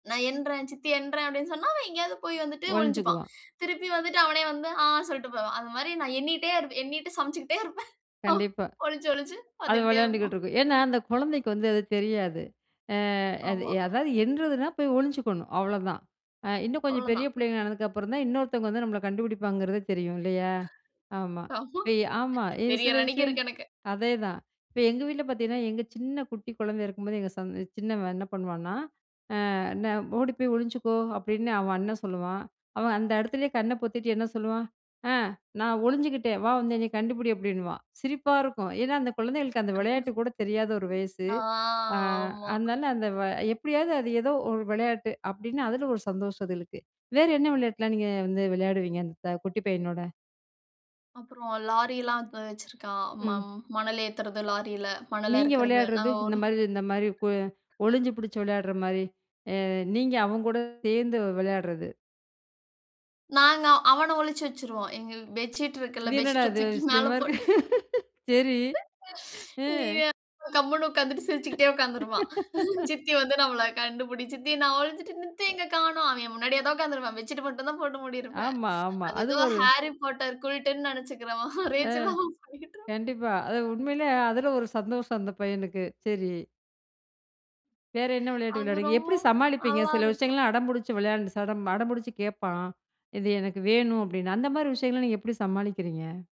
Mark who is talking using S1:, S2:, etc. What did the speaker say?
S1: நான் என்றேன் சித்தி எறேன் அப்டின்னு சொன்னா, அவன் எங்கேயாவது போய் வந்துட்டு ஒழிஞ்சுப்பான்.
S2: ஒழிஞ்சுக்குவா.
S1: திருப்பி வந்துட்டு அவனே வந்து ஆ சொல்ட்டு போவான். அது மாரி நான் எண்ணிகிட்டே இருப் எண்ணிிட்டு சமைச்சுக்கிட்டே இருப்பேன்.
S2: கண்டிப்பா.
S1: ஒளிஞ்சு, ஒளிஞ்சு
S2: அது
S1: வந்துக்கிட்டே
S2: விளையாண்டுகிட்டு
S1: இருப்பான்.
S2: இருக்கும். ஏனா. அந்த குழந்தைக்கு வந்து அது தெரியாது. அ அது
S1: ஆமா.
S2: அதாவது எண்றதுனா போய் ஒளிஞ்சுக்கணும் அவ்வளோதான். அ இன்னும் கொஞ்சம் பெரிய
S1: அவ்வளோதான்.
S2: பிள்ளைங்க ஆனதுக்கு அப்புறம் தான், இன்னொருத்தவங்க வந்து நம்மளை கண்டுபிடிப்பாங்கிறத தெரியும் இல்லையா? ஆமா,
S1: ஆமா.
S2: இ ஆமா இது சில
S1: தெரியரண்ணைக்கு
S2: விஷயம்
S1: இருக்கு எனக்கு.
S2: அதே தான். இப்ப எங்க வீட்ல பார்த்தீங்கன்னா, எங்க சின்ன குட்டி குழந்தை இருக்கும்போது எங்க சந்த சின்னவன் என்ன பண்வான்னா? அ என்ன ஓடி போய் ஒளிஞ்சுக்கோ அப்டின்னு அவன் அண்ணன் சொல்லுவான். அவன் அந்த இடத்திலேயே கண்ண பொத்திகிட்டு என்ன சொல்லுவான். அ நான் ஒளிஞ்சுகிட்டேன் வா வந்து என்னை கண்டுபிடி அப்டின்னுவான், சிரிப்பா இருக்கும். ஏனா, அந்த குழந்தைகளுக்கு அந்த விளையாட்டு கூட தெரியாத ஒரு வயசு.
S1: ஆ,
S2: அ
S1: ஆமா.
S2: அதனால அந்த வ எப்டியாவது அது ஏதோ ஒரு விளையாட்டு அப்டின்னு அதுல ஒரு சந்தோஷம் அதுகளுக்கு. வேற என்ன விளையாட்டுலா நீங்க வந்து விளையாடுவீங்க அந்த குட்டி பையனோட?
S1: அப்புறம் லாரிலாம் வ வச்சிருக்கான் ம
S2: ம்.
S1: மணல் ஏத்தறது லாரியில மணல்ல
S2: நீங்க
S1: இருக்கறது நா
S2: விளையாடுறது. இந்த
S1: ஒரு
S2: மாரி இந்த மாரி இப்ப ஒளிஞ்சு பிடிச்சு விளையாடுற மாரி அ நீங்க அவங்க கூட சேர்ந்து விளையாடுறது.
S1: நாங்க அவன ஒழிச்சு வச்சுருவோம். எங்க பெட்ஷீட் இருக்குல்ல,
S2: இது
S1: பெட்
S2: என்னடா
S1: ஷீட்ட
S2: இது!
S1: தூக்கி மேல
S2: விஷயமா இருக்கு
S1: போட்டு.
S2: சரி.
S1: நீ
S2: ம்.
S1: [unintelligible] கம்முனு உட்கார்ந்துட்டு சிரிச்சுகிட்டே உட்கார்ந்துருப்பான். சித்தி வந்து நம்மள கண்டுபிடி சித்தி. நான் ஒழிஞ்சிட்டு சித்திய
S2: அ.
S1: எங்க காணோம். அவன் முன்னாடியே தான் உட்கார்ந்து இருப்பான் பெட்சிட்டு மட்டும்தான் போட்டு மூடியிருப்பேன்.
S2: ஆமா. ஆமா
S1: அது
S2: அது
S1: ஏதோ
S2: ஒரு
S1: ஹாரி பாட்டர் குல்டன்னு நெனைச்சுக்கிறவன்
S2: ஆ.
S1: ரேஞ்சல அவன் பண்ணிட்டு இருப்பான்.
S2: கண்டிப்பா. அது உண்மையிலே அதில ஒரு சந்தோஷம் அந்த பையனுக்கு சரி. வேற என்ன விளையாட்டு
S1: அது
S2: விளையாடுவீங்க?
S1: ரொம்ப
S2: எப்டி சமாளிப்பீங்க?
S1: நல்லா
S2: சில
S1: இருக்கும்.
S2: விஷயங்கள்லாம் அடம்பிடிச்சு விளையாண்டு சடம் அடம்பிடிச்சு கேட்பான். இது எனக்கு வேணும் அப்டின்னு, அந்த மாரி விஷயங்கள்லாம் நீங்க எப்டி சமாளிக்கிறீங்க?